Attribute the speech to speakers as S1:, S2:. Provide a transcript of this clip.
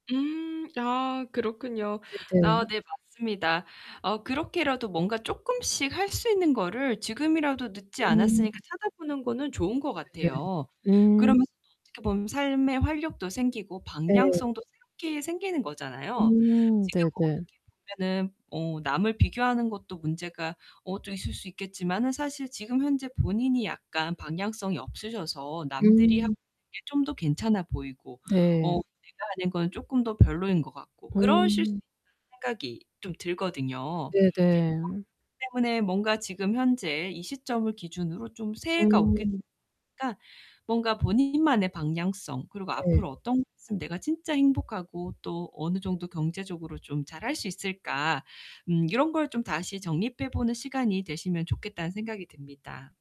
S1: 음. 아 그렇군요. 아
S2: 네네.
S1: 네 맞습니다. 어 그렇게라도 뭔가 쪼끔씩 할 수 있는 거를 지금이라도 늦지
S2: 음.
S1: 않았으니까 찾아보는 거는 좋은 것
S2: 네네.
S1: 같아요.
S2: 음.
S1: 그러면서 또 어떻게 보면 삶의 활력도 생기고
S2: 네.
S1: 방향성도 새롭게 생기는 거잖아요.
S2: 음
S1: 지금
S2: 네네.
S1: 어떻게 보면은 어 남을 비교하는 것도 문제가 어 좀 있을 수 있겠지만은 사실 지금 현재 본인이 약간 방향성이 없으셔서 '남들이 하는
S2: 음.
S1: 게 좀 더 괜찮아 보이고 어
S2: 네.
S1: 내가 하는 건 쪼끔 더 별로인 것 같고 그러실 수
S2: 음.
S1: 있다.'는 생각이 좀 들거든요. 어 그렇기
S2: 네네.
S1: 때문에 뭔가 지금 현재 이 시점을 기준으로 좀 새해가 오겠
S2: 음.
S1: [unintelligible] 까 뭔가 본인만의 방향성 그리고
S2: 네.
S1: '앞으로 어떤 거 했음 내가 진짜 행복하고 또 어느 정도 경제적으로 좀 잘할 수 있을까' 음 이런 걸 좀 다시 정립해 보는 시간이 되시면 좋겠다는 생각이 듭니다.